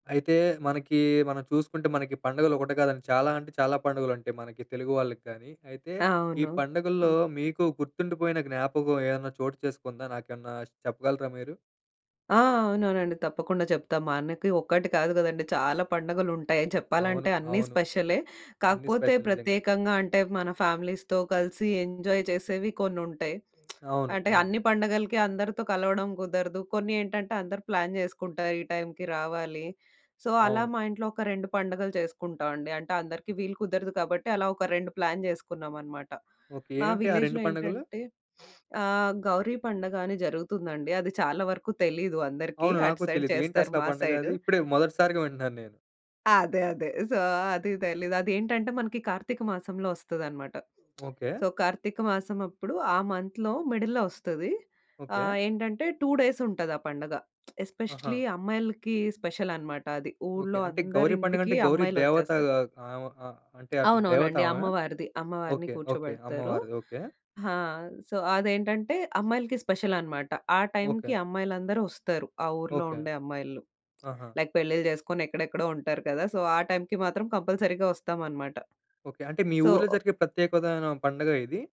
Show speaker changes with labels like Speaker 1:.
Speaker 1: అయితే, మనకీ మనం చూసుకుంటే మనకి పండుగలొకటి కాదండి. చాలా అంటే చాలా పండుగలుంటాయి మనకి, తెలుగు వాళ్ళకి కానీ. అయితే, ఈ
Speaker 2: అవును.
Speaker 1: పండుగల్లో మీకు గుర్తుండిపోయిన జ్ఞాపకం ఏదన్నా చోటు చేసుకుందా? నాకేవన్నా చెప్పగలరా మీరు?
Speaker 2: ఆ! అవునవునండి. తప్పకుండా చెప్తా. మనకి ఒక్కటి కాదు కదండి, చాలా పండగలుంటాయని
Speaker 1: అవును.
Speaker 2: చెప్పాలంటే, అన్నీ
Speaker 1: అవును.
Speaker 2: స్పెషలే.
Speaker 1: అన్నీ
Speaker 2: కాకపోతే,
Speaker 1: స్పెషల్ నిజంగా.
Speaker 2: ప్రత్యేకంగా అంటే, మన ఫ్యామిలీస్‌తో కలిసి ఎంజాయ్ చేసేవి కొన్నుంటాయి.
Speaker 1: అవును.
Speaker 2: అంటే,
Speaker 1: అవును.
Speaker 2: అన్ని పండగలకి అందరితో కలవడం కుదరదు. కొన్ని ఏంటంటే, అందరు ప్లాన్ చేసుకుంటారు, ఈ టైమ్‌కి రావాలి. సో, అలా
Speaker 1: అవును.
Speaker 2: మా ఇంట్లో ఒక 2 పండగలు చేసుకుంటావండి. అంటే, అందరికీ వీలు కుదరదు కాబట్టి, అలా ఒక 2 ప్లాన్ జేసుకున్నామనమాట.
Speaker 1: ఓకే.
Speaker 2: మా
Speaker 1: ఏవిటి ఆ 2
Speaker 2: విలేజ్‌లో
Speaker 1: పండుగలు?
Speaker 2: ఏంటంటే, ఆహ్, గౌరీ పండగ అని జరుగుతుందండి. అది చాలా వరకు తెలీదు అందరికి,
Speaker 1: అవును.
Speaker 2: అటు
Speaker 1: నాకూ
Speaker 2: సైడ్
Speaker 1: తెలీదు.
Speaker 2: చేస్తారు,
Speaker 1: ఏంటసలా
Speaker 2: మా
Speaker 1: పండగా
Speaker 2: సైడ్.
Speaker 1: అది? ఇప్పుడే మొదటిసారిగా వింటన్నాను నేను.
Speaker 2: అదే. అదే. సో, అదీ తెలీదు. అదేంటంటే, మనకి కార్తీక మాసంలో ఒస్తదన్నమాట.
Speaker 1: ఓకే.
Speaker 2: సో, కార్తీక మాసమప్పుడు, ఆ మంత్‌లో మిడిల్‌లో ఒస్తది.
Speaker 1: ఓకే.
Speaker 2: ఆహ్, ఏంటంటే, 2 డేసుంటది ఆ పండగ.
Speaker 1: ఆహా!
Speaker 2: ఎస్పెషల్లీ అమ్మాయిలకి స్పెషలనమాట అది.
Speaker 1: ఓకే.
Speaker 2: ఊళ్ళో
Speaker 1: అంటే, గౌరీ
Speaker 2: అందరింటికీ
Speaker 1: పండగంటే, గౌరీ
Speaker 2: అమ్మాయిలొచ్చేస్తారు.
Speaker 1: దేవతగా ఆమ ఆహ్, అంటే అట్లా
Speaker 2: అవునవునండి.
Speaker 1: దేవతామె?
Speaker 2: అమ్మవారిది. అమ్మవారిని
Speaker 1: ఓకే. ఓకే.
Speaker 2: కూర్చోబెడతారు.
Speaker 1: అమ్మవారిది. ఓకే.
Speaker 2: ఆ! సో, అదేంటంటే, అమ్మాయిలకి స్పెషలనమాట. ఆ
Speaker 1: ఓకే.
Speaker 2: టైమ్‌కి అమ్మాయిలందరొస్తారు, ఆ ఊర్లో
Speaker 1: ఓకే.
Speaker 2: ఉండే అమ్మాయిలు.
Speaker 1: ఆహా!
Speaker 2: లైక్ పెళ్ళిళ్ళు చేసుకొని ఎక్కడెక్కడో ఉంటారు కదా! సో, ఆ టైమ్‌కి మాత్రం కంపల్సరీ‌గా ఒస్తామనమాట.
Speaker 1: ఓకే. అంటే, మీ
Speaker 2: సో
Speaker 1: ఊర్లో జరిగే ప్రత్యేకుదాయనా పండగా ఇది?